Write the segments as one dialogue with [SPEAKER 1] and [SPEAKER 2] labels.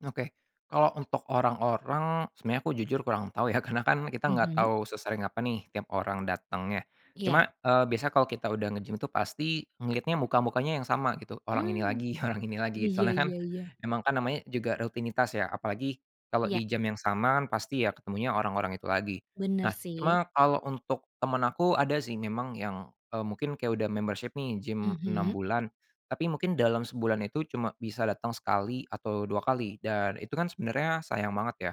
[SPEAKER 1] Oke. Kalau untuk orang-orang sebenarnya aku jujur kurang tahu ya, karena kan kita nggak
[SPEAKER 2] Mhm.
[SPEAKER 1] tahu sesering apa nih tiap orang dateng, ya. Cuma,
[SPEAKER 2] Iya.
[SPEAKER 1] eee, biasanya kalau kita udah ngegym itu pasti ngeliatnya muka-mukanya yang sama, gitu. Orang ini
[SPEAKER 2] Mhm.
[SPEAKER 1] lagi, orang ini lagi.
[SPEAKER 2] Iya
[SPEAKER 1] Soalnya kan,
[SPEAKER 2] iya iya.
[SPEAKER 1] emang kan, namanya juga rutinitas ya, apalagi kalau
[SPEAKER 2] Iya.
[SPEAKER 1] di jam yang sama kan pasti ya ketemunya orang-orang itu lagi.
[SPEAKER 2] Bener,
[SPEAKER 1] Nah,
[SPEAKER 2] sih.
[SPEAKER 1] cuma kalau untuk temen aku, ada sih memang yang, eee, mungkin kayak udah membership nih, gim 6
[SPEAKER 2] Mhm.
[SPEAKER 1] bulan. Tapi mungkin dalam sebulan itu cuma bisa datang sekali atau 2 kali dan itu kan sebenarnya sayang banget, ya.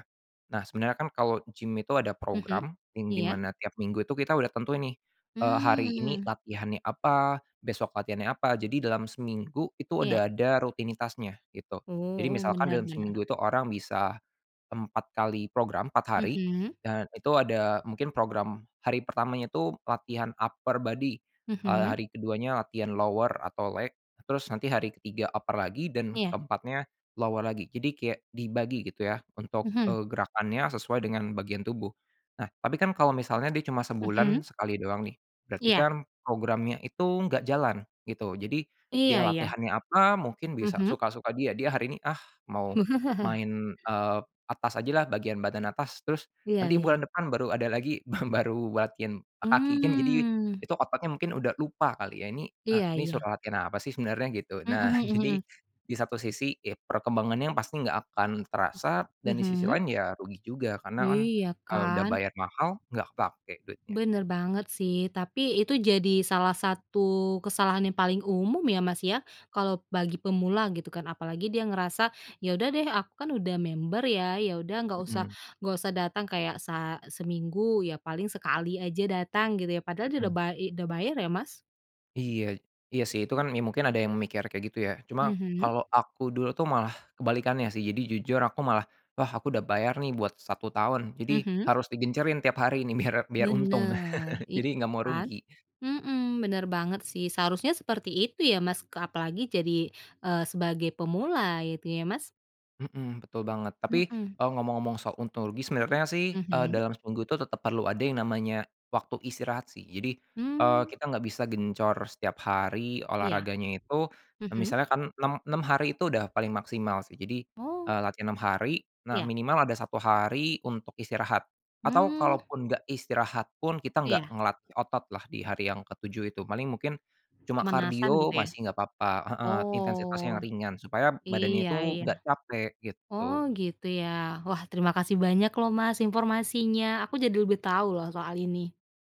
[SPEAKER 1] Nah, sebenarnya kan kalau gim itu ada
[SPEAKER 2] Mhm.
[SPEAKER 1] program yang di
[SPEAKER 2] Iya.
[SPEAKER 1] mana tiap minggu itu kita udah tentuin nih, eee, hari ini
[SPEAKER 2] Hmm.
[SPEAKER 1] latihannya apa, besok latihannya apa, jadi dalam seminggu itu
[SPEAKER 2] Iya.
[SPEAKER 1] udah ada rutinitasnya, gitu. Jadi
[SPEAKER 2] Oh,
[SPEAKER 1] misalkan
[SPEAKER 2] benar
[SPEAKER 1] dalam
[SPEAKER 2] benar.
[SPEAKER 1] seminggu itu orang bisa 4 kali program, 4 hari,
[SPEAKER 2] Mhm.
[SPEAKER 1] dan itu ada mungkin program hari pertamanya itu latihan upper body, eee,
[SPEAKER 2] Mhm.
[SPEAKER 1] hari ke-2nya latihan lower atau leg, terus nanti hari ke-3 upper lagi dan
[SPEAKER 2] Iya.
[SPEAKER 1] ke-4nya lower lagi. Jadi kayak dibagi gitu ya, untuk,
[SPEAKER 2] Mhm.
[SPEAKER 1] eee, gerakannya sesuai dengan bagian tubuh. Nah, tapi kan kalau misalnya dia cuma
[SPEAKER 2] Mhm.
[SPEAKER 1] sebulan sekali doang nih, berarti
[SPEAKER 2] Iya.
[SPEAKER 1] kan programnya itu enggak jalan, gitu. Jadi, dia
[SPEAKER 2] Iya, ya.
[SPEAKER 1] latihannya apa, mungkin bisa
[SPEAKER 2] Mhm.
[SPEAKER 1] suka-suka dia. Dia hari ini, ah, mau main, eee, atas aja lah, bagian badan atas, terus
[SPEAKER 2] Iya
[SPEAKER 1] nanti
[SPEAKER 2] iya.
[SPEAKER 1] bulan depan baru ada lagi ba baru latihan kaki kan, jadi
[SPEAKER 2] Mmm.
[SPEAKER 1] itu otaknya mungkin udah lupa kali, ya. Ini, eee,
[SPEAKER 2] Iya
[SPEAKER 1] ini
[SPEAKER 2] iya.
[SPEAKER 1] suruh latihan apa sih sebenarnya, gitu. Nah,
[SPEAKER 2] Mhm
[SPEAKER 1] jadi
[SPEAKER 2] mhm.
[SPEAKER 1] di satu sisi, ya perkembangannya pasti nggak akan terasa dan di sisi
[SPEAKER 2] Mhm.
[SPEAKER 1] lain ya rugi juga karena kan,
[SPEAKER 2] Iya,
[SPEAKER 1] eee, udah
[SPEAKER 2] kan?
[SPEAKER 1] bayar mahal. Nggak kepake duitnya.
[SPEAKER 2] Bener banget, sih. Tapi itu jadi salah satu kesalahan yang paling umum ya, Mas, ya? Kalau bagi pemula gitu, kan? Apalagi dia ngerasa, "Ya, udah deh, aku kan udah member ya, ya udah nggak usah
[SPEAKER 1] Mhm.
[SPEAKER 2] nggak usah datang kayak sa seminggu, ya paling sekali aja datang", gitu, ya? Padahal dia udah
[SPEAKER 1] Mhm.
[SPEAKER 2] bay eee, udah bayar ya, Mas?
[SPEAKER 1] Iya. Iya, sih. Itu kan me mungkin ada yang mikir kayak gitu, ya. Cuma
[SPEAKER 2] Mhm.
[SPEAKER 1] kalau aku dulu tuh malah kebalikannya, sih. Jadi jujur aku malah, wah, aku udah bayar nih buat 1 tahun. Jadi
[SPEAKER 2] Mhm.
[SPEAKER 1] harus digencerin tiap hari nih biar biar untung.
[SPEAKER 2] Bener. Iya
[SPEAKER 1] Jadi nggak mau
[SPEAKER 2] kan?
[SPEAKER 1] rugi.
[SPEAKER 2] Mhm. Bener banget sih. Seharusnya seperti itu ya, Mas, apalagi jadi, eee, sebagai pemula, ya itu ya, Mas?
[SPEAKER 1] Mhm. Betul banget. Tapi,
[SPEAKER 2] Mhm.
[SPEAKER 1] eee, ngomong-ngomong soal ontologis, sebenarnya sih, eee,
[SPEAKER 2] Mhm.
[SPEAKER 1] dalam seminggu itu tetep perlu ada yang namanya waktu istirahat, sih. Jadi, eee,
[SPEAKER 2] Mmm.
[SPEAKER 1] kita nggak bisa gencor setiap hari
[SPEAKER 2] Iya.
[SPEAKER 1] olahraganya itu. Eee,
[SPEAKER 2] Mhm.
[SPEAKER 1] misalnya kan 6, 6 hari itu udah paling maksimal, sih. Jadi,
[SPEAKER 2] Oh.
[SPEAKER 1] eee, latihan 6 hari, nah,
[SPEAKER 2] Iya.
[SPEAKER 1] minimal ada 1 hari untuk istirahat atau
[SPEAKER 2] Hmm.
[SPEAKER 1] kalaupun nggak istirahat pun, kita nggak
[SPEAKER 2] Iya.
[SPEAKER 1] ngelatih otot lah di hari yang ke-7 itu. Paling mungkin cuma
[SPEAKER 2] Pemanasan gitu,
[SPEAKER 1] kardio
[SPEAKER 2] ya?
[SPEAKER 1] masih enggak papa, heeh. Intensitasnya yang
[SPEAKER 2] Oh.
[SPEAKER 1] ringan supaya badannya
[SPEAKER 2] Iya
[SPEAKER 1] itu
[SPEAKER 2] iya.
[SPEAKER 1] enggak capek,
[SPEAKER 2] Oh,
[SPEAKER 1] gitu.
[SPEAKER 2] gitu ,ya? Wah, terima kasih banyak loh, Mas, informasinya. Aku jadi lebih tahu loh soal ini.